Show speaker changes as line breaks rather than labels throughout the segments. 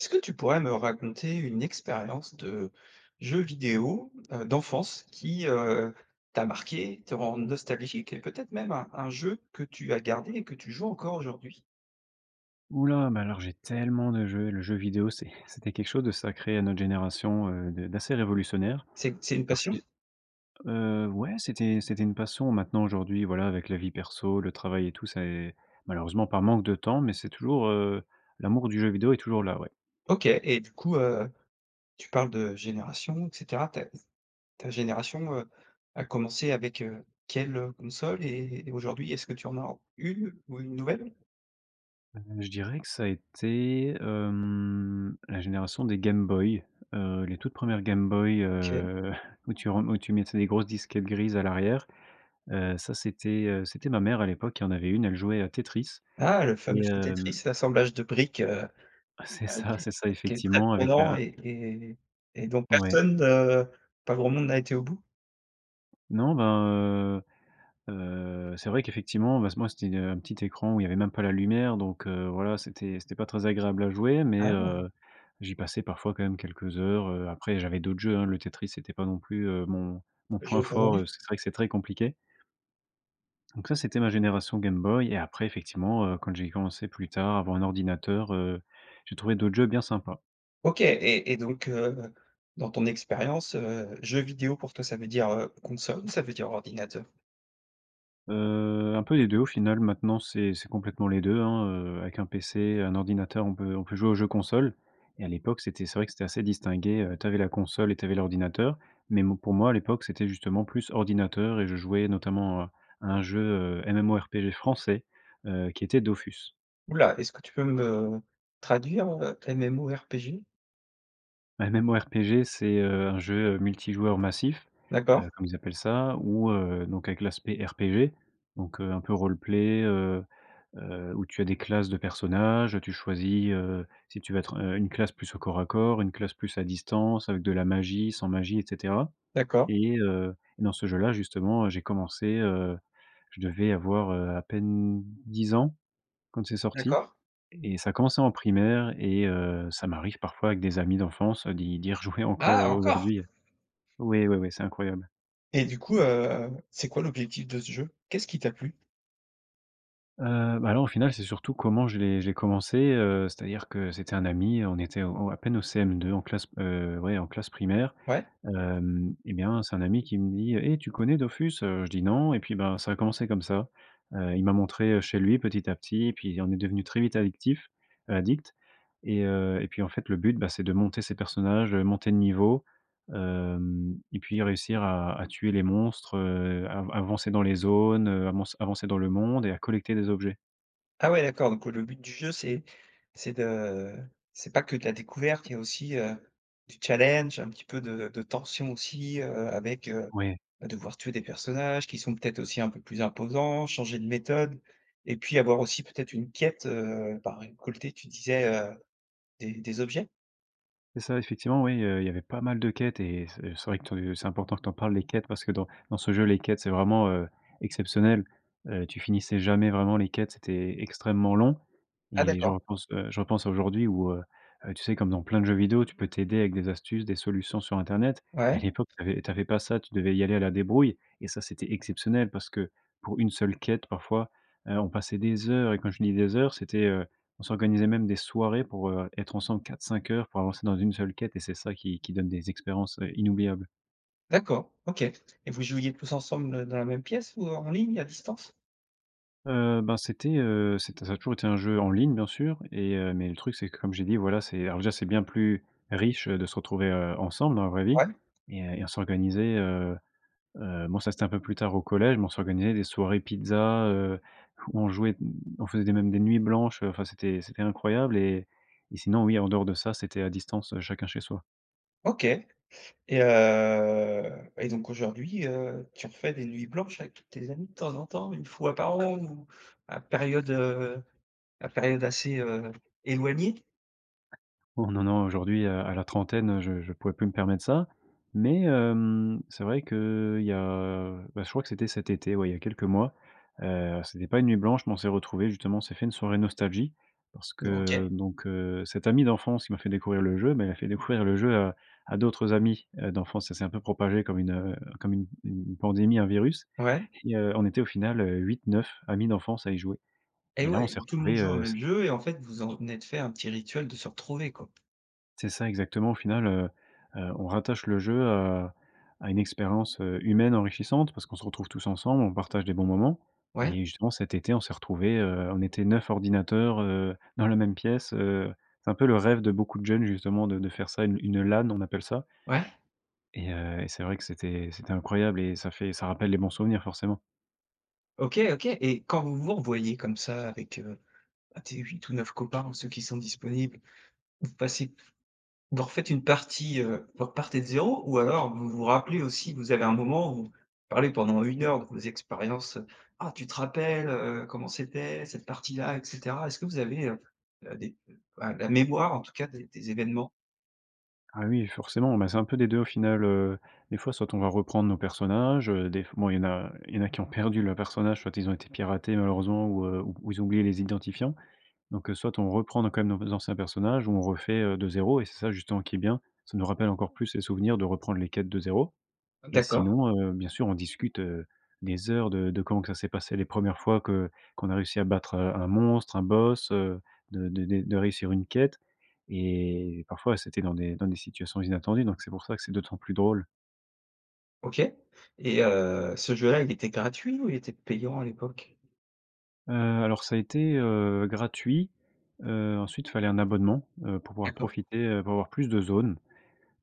Est-ce que tu pourrais me raconter une expérience de jeu vidéo, heu, d'enfance qui, heu, t'a marqué, te rends nostalgique et peut-être même un un jeu que tu as gardé et que tu joues encore aujourd'hui?
Ouh là, mais alors j'ai tellement de jeux. Le jeu vidéo, c'est c'était quelque chose de sacré à notre génération, heu, d'a d'assez révolutionnaire.
C'est c'est une
Alors
passion?
c'est heu, ouais, c'était c'était une passion. Maintenant, aujourd'hui, voilà, avec la vie perso, le travail et tout, ça est, malheureusement, par manque de temps, mais c'est toujours, heu, l'amour du jeu vidéo est toujours là, ouais.
OK. Et du coup, heu, tu parles de génération et cetera. Ta ta génération, heu, a commencé avec, heu, quelle, heu, console et et aujourd'hui est-ce que tu en as 1 ou 1 nouvelle?
Heu, je dirais que ça a été, hem, la génération des Game Boy, heu, les toutes premières Game Boy,
OK.
heu, où tu ren où tu mettais des grosses disquettes grises à l'arrière. Heu, ça, c'était, heu, c'était ma mère, à l'époque, qui en avait 1, elle jouait à Tetris.
Ah! Le fameux
Et,
jeu
hem
Tetris, l'assemblage de briques, heu,
C'est
heu,
ça,
qui est
c'est ça,
qui est très
effectivement, avec
prenant
un
et et et dont
Ouais.
personne, heu, pas grand monde n'a été au bout?
Non ben, heu heu, c'est vrai qu'effectivement, ben, ce moi, c'était un petit écran où il y avait même pas la lumière, donc, heu, voilà, c'était c'était pas très agréable à jouer, mais,
Ah!
heu, j'y passais parfois quand même quelques heures. Heu, après, j'avais d'autres jeux, hein. Le Tetris, c'était pas non plus, heu, mon mon point
Jeu
fort,
favori?
parce que c'est vrai que c'est très compliqué. Donc, ça, c'était ma génération Game Boy, et après, effectivement, heu, quand j'ai commencé plus tard à avoir un ordinateur, heu, j'ai trouvé d'autres jeux bien sympa.
OK, et et donc, heu, dans ton expérience, heu, jeu vidéo pour toi ça veut dire, heu, console ou ça veut dire ordinateur?
Heu, un peu des 2 au final. Maintenant, c'est c'est complètement les 2, hein, heu. Avec un PC, un ordinateur, on peut on peut jouer aux jeux console. Et à l'époque, c'était c'est vrai que c'était assez distingué. Heu, tu avais la console et tu avais l'ordinateur. Mais bon pour moi, à l'époque, c'était justement plus ordinateur, et je jouais notamment à à un jeu, heu, MMORPG français, heu, qui était Dofus.
Ouh là! Est-ce que tu peux me traduire, heu, MMORPG?
Un MMORPG, c'est, heu, un jeu multijoueur massif,
D'accord.
heu, comme ils appellent ça, ou, heu, donc avec l'aspect RPG, donc, heu, un peu roleplay, heu heu, où tu as des classes de personnages. Tu choisis, heu, si tu veux être, heu, une classe plus au corps à corps, une classe plus à distance, avec de la magie, sans magie, et cetera.
D'accord.
Et, heu, et dans ce jeu là, justement, j'ai commencé, heu, je devais avoir, heu, à peine 10 ans quand c'est sorti
D'accord.
et ça commençait en primaire et, heu, ça m'arrive parfois avec des amis d'enfance, d'y d'y rejouer, encore,
Ah,
heu,
encore?
aujourd'hui. Oui, oui, oui, c'est incroyable.
Et du coup, heu heu, c'est quoi l'objectif de ce jeu? Qu'est-ce qui t'a plu?
Heu, ben là, au final, c'est surtout comment je l'ai j'ai commencé, heu, c'est-à-dire que c'était un ami. On était au à peine au CM2, en classe, heu, ouais, en classe primaire.
Ouais.
Hem, et bien, c'est un ami qui me dit: «Eh, tu connais Dofus?». Heu, je dis: «Non.», et puis, ben, ça a commencé comme ça. Heu, il m'a montré chez lui, petit à petit. Et puis, on est devenu très vite addictifs addicts. Et heu, et puis, en fait, le but, bah c'est de monter ses personnages, heu, monter de niveau. Hem, et puis réussir à à tuer les monstres, heu, av avancer dans les zones, heu, à monc avancer dans le monde et à collecter des objets.
Ah, ouais, d'accord. Donc, heu, le but du jeu, c'est c'est de, c'est pas que de la découverte, il y a aussi, heu, du challenge, un petit peu de de tension aussi, heu, avec, heu,
Ouais.
devoir tuer des personnages qui sont peut-être aussi un peu plus imposants, changer de méthode et puis avoir aussi peut-être une quête, heu, par récolter tu disais, heu, des des objets?
C'est ça, effectivement, oui, il y a il y avait pas mal de quêtes, et ce c'est vrai que te c'est important que tu en parles, les quêtes, parce que dans dans ce jeu, les quêtes, c'est vraiment, heu, exceptionnel. Heu, tu finissais jamais vraiment les quêtes, c'était extrêmement long,
Ah
et je
d'accord.
repense, heu, je repense à aujourd'hui où, heu heu, tu sais, comme dans plein de jeux vidéo, tu peux t'aider avec des astuces, des solutions sur internet. À
Ouais.
l'époque, tu avais tu avais pas ça, tu devais y aller à la débrouille. Et ça, c'était exceptionnel, parce que pour 1 seule quête, parfois, heu, on passait des heures. Et quand je dis des heures, c'était, heu, on s'organisait même des soirées pour, heu, être ensemble 4-5 heures pour avancer dans 1 seule quête. Et c'est ça qui qui donne des expériences, inoubliables.
D'accord, OK. Et vous jouiez tous ensemble dans la même pièce ou en ligne, à distance?
Heu, ben, c'était, heu, c'était ça a toujours été un jeu en ligne bien sûr et, heu mais le truc, c'est que, comme j'ai dit voilà c'est, alors déjà c'est bien plus riche, heu, de se retrouver, heu, ensemble, dans la vraie vie
Ouais.
et, heu, et on s'organisait, heu, heu bon ça c'était un peu plus tard au collège, mais on s'organisait des soirées pizzas, heu, ou, on jouait d on faisait des même des nuits blanches, heu, enfin c'était c'était incroyable et et sinon oui, en dehors de ça, c'était à distance, chacun chez soi.
OK. Et heu, et donc aujourd'hui, heu, tu refais des nuits blanches avec tous tes amis de temps en temps? 1 fois par an ou à période, heu, à période assez, heu, éloignée?
Oh, non, non aujourd'hui, heu, à la trentaine, heu, je je pourrais plus me permettre ça. Mais, hem, c'est vrai que, il y a bah je crois que c'était cet été, ouais, il y a quelques mois. Heu, c'était pas une nuit blanche, mais on s'est retrouvés justement, on s'est fait une soirée nostalgie parce que,
OK.
donc, heu, cet ami d'enfance, qui m'a fait découvrir le jeu, bah, il a fait découvrir le jeu à à d'autres amis, heu, d'enfance. Ça s'est un peu propagé comme une, heu, comme une une pandémie, un virus,
Ouais.
et, heu, on était au final, heu, 8-9 amis d'enfance à y jouer.
Et
Et là, on
ouais,
s'est
donc tout le monde
retrouvés,
joue au
heu, se
même jeu et, en fait, vous en êtes fait un petit rituel de se retrouver quoi.
C'est ça, exactement. Au final, heu, heu, on rattache le jeu à à une expérience, heu, humaine enrichissante, parce qu'on se retrouve tous ensemble, on partage des bons moments
Ouais.
et justement, cet été on s'est retrouvés, heu, on était 9 ordinateurs, heu, dans la même pièce, heu, c'est un peu le rêve de beaucoup de jeunes justement de de faire ça, une une LAN, on appelle ça.
Ouais.
Et heu, et c'est vrai que c'était c'était incroyable et ça fait ça rappelle les bons souvenirs forcément.
OK, OK. Et quand vous vous revoyez comme ça, avec, heu, tes, 8 ou 9 copains, ou ceux qui sont disponibles, vous passez vous refaites une partie, heu, vous repartez de 0 ou alors vous vous rappelez aussi, vous avez un moment où, vous parlez pendant 1 heure de vos expériences heu: «Ah, tu te rappelles, heu, comment c'était, cette partie là?» et cetera. Est-ce que vous avez, heu, heu des ah, la mémoire, en tout cas, des des événements?
Ah oui, forcément. Ben, c'est un peu des 2 au final, heu. Des fois, soit on va reprendre nos personnages, heu, des f bon il y en a il y en a qui ont perdu leurs personnages, soit ils ont été piratés malheureusement ou, heu, ou ils ont oublié les identifiants. Donc, heu, soit on reprend nos, quand même, nos anciens personnages ou on refait, heu, de 0 et c'est ça, justement, qui est bien, ça nous rappelle encore plus les souvenirs de reprendre les quêtes de 0 et
D'accord.
sinon, heu, bien sûr, on discute, heu, des heures de de comment que ça s'est passé les 1res fois que qu'on a réussi à battre, heu, un monstre, un boss, heu, de de de réussir une quête et parfois, c'était dans des dans des situations inattendues. Donc, c'est pour ça que c'est d'autant plus drôle.
OK. Et heu, ce jeu-là, il était gratuit ou il était payant à l'époque?
Heu, alors, ça a été, heu, gratuit. Heu, ensuite, fallait un abonnement, heu, pour pouvoir
D'accord.
profiter, heu, pour avoir plus de zones,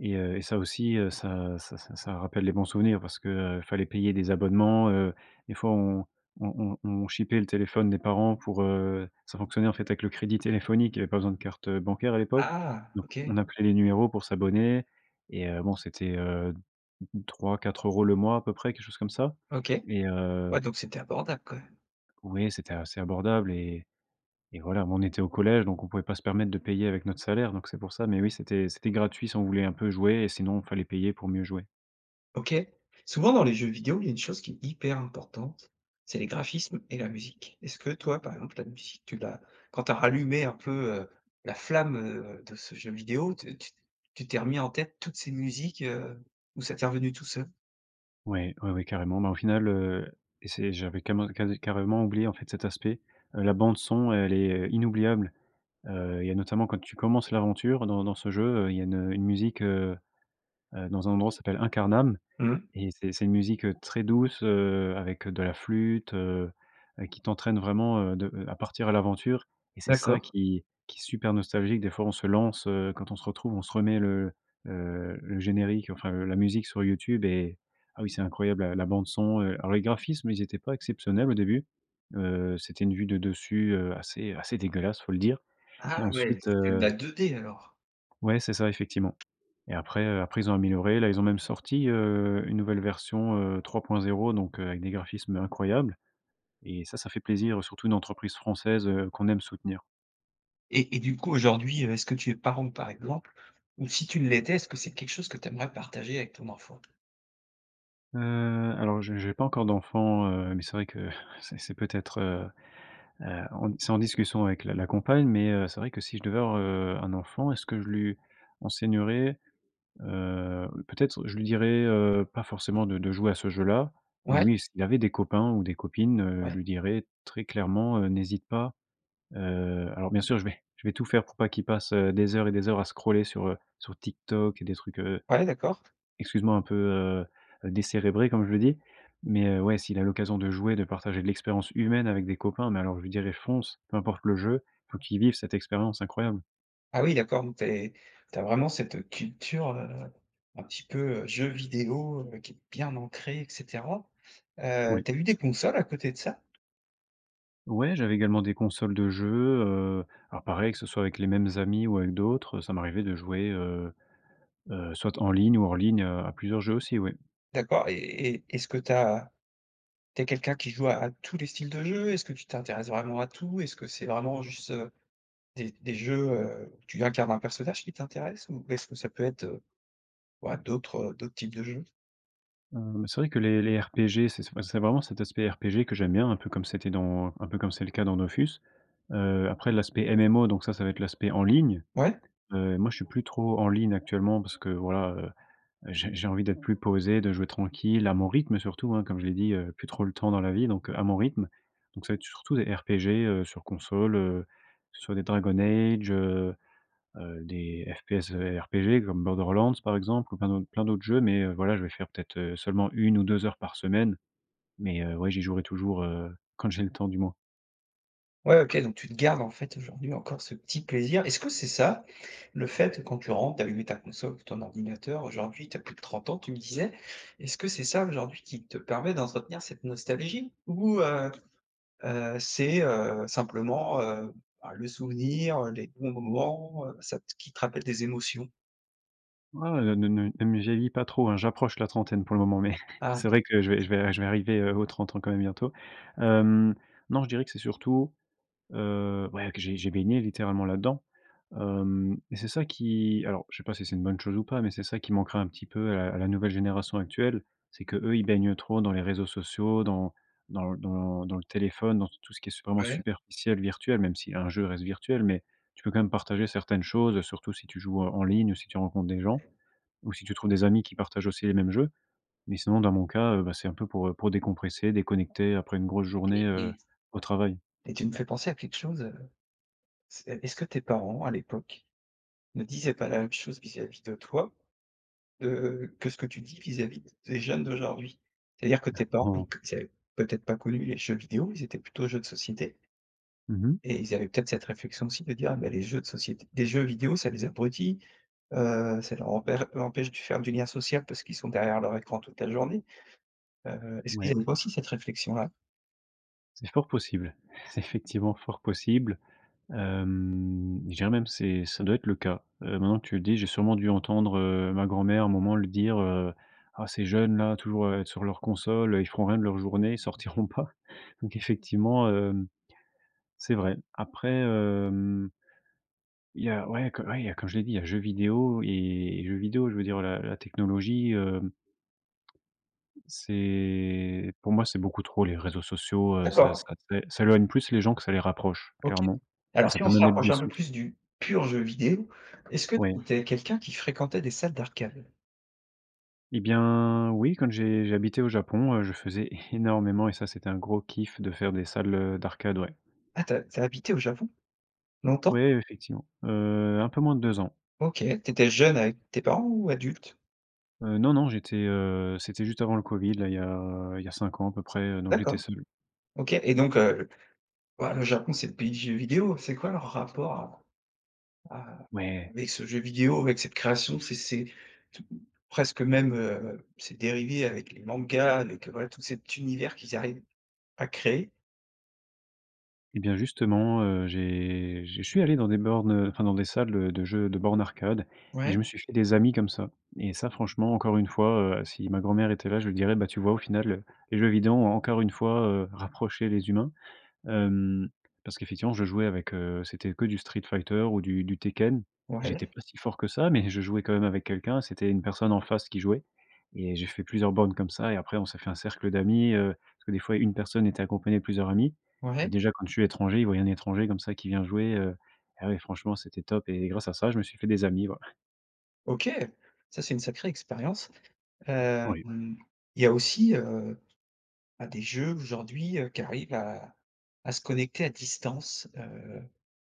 et heu, et ça aussi, heu, ça ça ça ça rappelle les bons souvenirs. Parce que, heu, fallait payer des abonnements, heu. Des fois, on on on on chipait le téléphone des parents pour heu, ça fonctionnait, en fait, avec le crédit téléphonique. Il y avait pas besoin de carte bancaire à l'époque.
Ah!
Donc,
OK.
on appelait les numéros pour s'abonner, et heu bon, c'était, heu, 3-4 € le mois, à peu près, quelque chose comme ça.
OK.
Et heu,
Ouais, donc, c'était abordable quand même!
ouais, c'était assez abordable et et voilà. On était au collège, donc, on pouvait pas se permettre de payer avec notre salaire. Donc, c'est pour ça. Mais, oui, c'était c'était gratuit si on voulait un peu jouer, et sinon, fallait payer pour mieux jouer.
OK. Souvent dans les jeux vidéo, il y a une chose qui est hyper importante, c'est les graphismes et la musique. Est-ce que toi, par exemple, ta musique tu l'as, quand tu as rallumé un peu, heu, la flamme, heu, de ce jeu vidéo, tu tu tu t'es remis en tête toutes ces musiques, heu, ou ça t'es revenu tout seul?
Ouais, ouais, ouais, carrément. Ben au final, heu, et c'est j'avais cament ca cade carrément oublié en fait cet aspect. Heu, la bande son, elle est, heu, inoubliable. Heu, il y a notamment quand tu commences l'aventure dans dans ce jeu, heu, il y a une une musique, heu, heu, dans un endroit s'appelle Incarnam
Mmh.
et c'est c'est une musique, heu, très douce, heu, avec, heu, de la flûte, heu, heu, qui t'entraîne vraiment, heu, de à à partir à l'aventure et c'est ça
D'accord.
qui qui est super nostalgique. Des fois, on se lance, heu, quand on se retrouve, on se remet le, heu, le générique, enfin, heu, la musique sur YouTube et ah, oui c'est incroyable, ah, la bande son, heu. Alors les graphismes ils étaient pas exceptionnels au début. Heu, c'était une vue de dessus, heu, assez assez dégueulasse faut le dire
Ah
et
ouais,
ensuite,
c'est de
heu
la 2D, alors.
Ouais, c'est ça effectivement. Et après, heu, après ils ont amélioré. Là ils ont même sorti, heu, une nouvelle version, heu, 3.0 donc, heu, avec des graphismes incroyables et ça, ça fait plaisir, surtout une entreprise française, heu, qu'on aime soutenir.
Et et du coup aujourd'hui, heu, est-ce que tu es parent par exemple? Ou si tu l'étais, est-ce que c'est quelque chose que tu aimerais partager avec ton enfant?
Heu, alors je j'ai pas encore d'enfant, heu, mais c'est vrai que c'est c'est peut-être, heu, heu, on, c'est en discussion avec la la compagne, mais, heu, c'est vrai que si je devais avoir, heu, un enfant, est-ce que je lui enseignerai? Heu, peut-être, je lui dirai, heu, pas forcément de de jouer à ce jeu-là. Mais
Ouais?
oui, s'il avait des copains ou des copines, heu, je
Ouais.
lui dirai très clairement, heu, n'hésite pas. Heu, alors bien sûr, je vais je vais tout faire pour pas qu'il passe, heu, des heures et des heures à scroller sur, heu, sur TikTok et des trucs, heu,
Ouais, d'accord.
excuse-moi, un peu, heu, heu «décérébrés», comme je dis. Mais, heu, ouais, s'il a l'occasion de jouer, de partager de l'expérience humaine avec des copains, mais alors je lui dirais: «fonce», peu importe le jeu, il faut qu'il vive cette expérience incroyable.
Ah oui d'accord, donc, tu es tu as vraiment cette, heu, culture, heu, un petit peu, heu, jeu vidéo, heu, qui est bien ancrée et cetera. Heu,
Oui.
tu as eu des consoles à côté de ça?
Ouais, j'avais également des consoles de jeu, heu, alors, pareil, que ce soit avec les mêmes amis ou avec d'autres, ça m'arrivait de jouer, heu, heu, soit en ligne ou hors ligne, heu, à plusieurs jeux aussi, oui.
D'accord et et et est-ce que tu as tu es quelqu'un qui joue à à tous les styles de jeu? Est-ce que tu t'intéresses vraiment à tout? Est-ce que c'est vraiment juste, heu, des des jeux, heu, où tu incarnes un personnage, qui t'intéressent? Ou est-ce que ça peut être heu, ouais, d'autres, heu, d'autres types de jeux?
Hem, c'est vrai que les les RPG, c'est, bah, c'est vraiment cet aspect RPG que j'aime bien, un peu comme c'était dans, un peu comme c'est le cas dans Dofus. Heu, après l'aspect MMO, donc ça, ça va être l'aspect en ligne,
Ouais?
heu, et moi, je suis plus trop en ligne actuellement parce que, voilà, heu, j'ai j'ai envie d'être plus posé, de jouer tranquille à mon rythme surtout, hein, comme je l'ai dit, heu, plus trop le temps dans la vie, donc à mon rythme. Donc ça va être surtout des RPG, heu, sur console, heu, sur des Dragon Age, heu, heu, des FPS RPG comme Borderlands, par exemple, ou plein d'autres plein d'autres jeux, mais, heu, voilà, je vais faire peut-être, heu, seulement 1 ou 2 heures par semaine. Mais, heu, ouais, j'y jouerai toujours, heu, quand j'ai le temps, du moins.
Ouais, OK donc tu te gardes, en fait, aujourd'hui, encore ce petit plaisir. Est-ce que c'est ça, le fait, quand tu rentres, d'allumer ta console ou ton ordinateur, aujourd'hui, tu as plus de 30 ans, tu me disais, est-ce que c'est ça, aujourd'hui, qui te permet d'entretenir cette nostalgie? Ou heu, heu, c'est heu, simplement, heu, bah, le souvenir, heu, les bons moments, heu, ça t qui te rappellent des émotions?
Ouais, ne ne ne ne me vieillis pas trop, hein. J'approche la trentaine pour le moment, mais
Ah!
c'est vrai que je vais je
OK.
vais je vais arriver, heu, aux 30 ans quand même bientôt. Hem, non, je dirais que c'est surtout, heu, ouais, que j'ai j'ai baigné littéralement là-dedans. Hem et c'est ça qui, alors je sais pas si c'est une bonne chose ou pas, mais c'est ça qui manquera un petit peu à la à la nouvelle génération actuelle. C'est que, eux, ils baignent trop dans les réseaux sociaux, dans dans l dans dans le téléphone, dans t tout ce qui est vraiment
Ouais.
superficiel, virtuel, même si un jeu reste virtuel, mais tu peux quand même partager certaines choses, heu, surtout si tu joues en en ligne ou si tu rencontres des gens, ou si tu trouves des amis qui partagent aussi les mêmes jeux. Mais, sinon, dans mon cas, heu, bah, c'est un peu pour, heu, pour décompresser, déconnecter après une grosse journée,
Et
heu,
et
au travail.
et tu me fais penser à quelque chose, heu, c'est est-ce que tes parents, à l'époque, ne disaient pas la même chose vis-à-vis de toi, heu, que ce que tu dis vis-à-vis des jeunes d'aujourd'hui? C'est-à-dire que tes parents,
[unintelligible]
ils avaient peut-être pas connu les jeux vidéo, ils étaient plutôt jeux de société
Mmh mh.
et ils avaient peut-être cette réflexion aussi de dire: «Bah les jeux de société des jeux vidéo, ça les abrutit, heu, ça leur rempê empêche de faire du lien social parce qu'ils sont derrière leur écran toute la journée». Heu, est-ce
Ouais.
qu'ils avaient aussi cette réflexion-là?
C'est fort possible. C'est effectivement fort possible. Hem, je dirais même c'est ça doit être le cas. Heu, maintenant que tu le dis, j'ai sûrement dû entendre, heu, ma grand-mère, à un moment, le dire, heu: «Ah ces jeunes-là, toujours, heu, sur leurs consoles, heu, ils font rien de leurs journées, ils sortiront pas.». Donc effectivement, hem, c'est vrai. Après, hem il y a, ouais, co ouais il y a, comme je l'ai dit, il y a jeux vidéo et et jeux vidéo. Je veux dire la la technologie, heu c'est, pour moi, c'est beaucoup trop les réseaux sociaux, heu, ça
D'accord.
ça fait, ça éloigne plus les gens que ça les rapproche
OK.
clairement et
Alors
ça
si
peut
on se
même être
rapproche
des
un peu
sources
plus du pur jeu vidéo, est-ce que
Oui.
tu es quelqu'un qui fréquentait des salles d'arcade?
Et bien oui, quand j'ai, j'habitais au Japon, heu. je faisais énormément et ça, c'était un gros kiff de faire des salles, heu, d'arcade, ouais.
Ah, tu as tu as habité au Japon? Longtemps?
Ouais, effectivement, heu, un peu moins de 2 ans.
OK, tu étais jeune avec tes parents ou adulte?
Heu, non, non j'étais, heu, c'était juste avant le covid là, il y a, heu, il y a 5 ans à peu près, heu, donc j'étais
D'accord.
seul.
OK. Et donc, heu, le, waouh, le Japon, c'est le pays du jeu vidéo. C'est quoi leur rapport à à
Ouais.
avec ce jeu vidéo, avec cette création? C'est c'est, presque même, heu c'est dérivé avec les mangas, avec heu, voilà, avec tout cet univers qu'ils arrivent à créer.
Et bien justement, heu, j'ai j'ai je suis allé dans des bornes, heu, enfin dans des salles, heu, de jeux, de bornes arcade et je
Ouais.
me suis fait des amis comme ça. Et ça, franchement, encore une fois, heu, si ma grand-mère était là, je lui dirais: «Bah tu vois au final, les jeux vidéo ont encore une fois, heu, rapproché les humains». Hem, parce qu'effectivement, je jouais avec, heu, c'était que du Street Fighter ou du du Tekken. J'étais
Ouais.
pas si fort que ça mais je jouais quand même avec quelqu'un. C'était une personne en face qui jouait et j'ai fait plusieurs bornes comme ça et après on s'est fait un cercle d'amis, heu, parce que des fois une personne était accompagnée de plusieurs amis. Et
Ouais.
déjà, quand je suis étranger, ils voyaient un étranger comme ça qui vient jouer. Heu, ah oui, franchement, c'était top. Et grâce à ça, je me suis fait des amis, ouais.
OK! Ça, c'est une sacrée expérience. Hem,
Oui.
il y a aussi, heu, bah, des jeux aujourd'hui, heu, qui arrivent à à se connecter à distance, heu,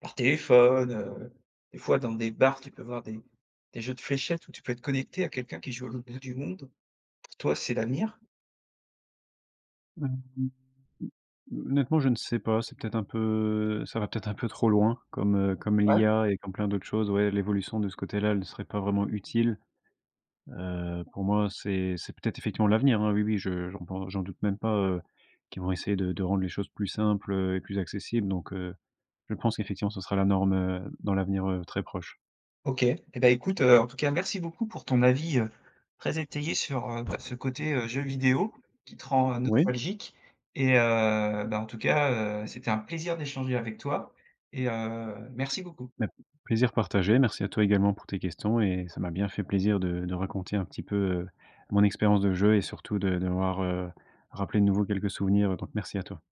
par téléphone, heu. Des fois dans des bars, tu peux voir des des jeux de fléchettes où tu peux être connecté à quelqu'un qui joue à l'autre bout du monde. Pour toi, c'est l'avenir?
[unintelligible] Honnêtement je ne sais pas, c'est peut-être un peu, ça va peut-être un peu trop loin comme, heu, comme
Ouais.
l'IA et comme plein d'autres choses. Ouais, l'évolution de ce côté-là, elle ne serait pas vraiment utile. Heu, pour moi, c'est c'est peut-être effectivement l'avenir, hein, oui, oui je j'en pen j'en doute même pas, heu, qu'ils vont essayer de de rendre les choses plus simples, heu, et plus accessibles. Donc, heu, je pense qu'effectivement, ce sera la norme, heu, dans l'avenir, heu, très proche.
OK et bah, écoute, heu, en tout cas, merci beaucoup pour ton avis, heu, très étayé sur, heu, bah, ce côté, heu, jeu vidéo qui te rend, heu,
Oui.
nostalgique. Et heu, bah, en tout cas, heu, c'était un plaisir d'échanger avec toi et heu merci beaucoup.
Beh, plaisir partagé, merci à toi également pour tes questions et ça m'a bien fait plaisir de de raconter un petit peu, heu, mon expérience de jeu et surtout de d'avoir, heu, rappelé de nouveau quelques souvenirs, heu, donc, merci à toi.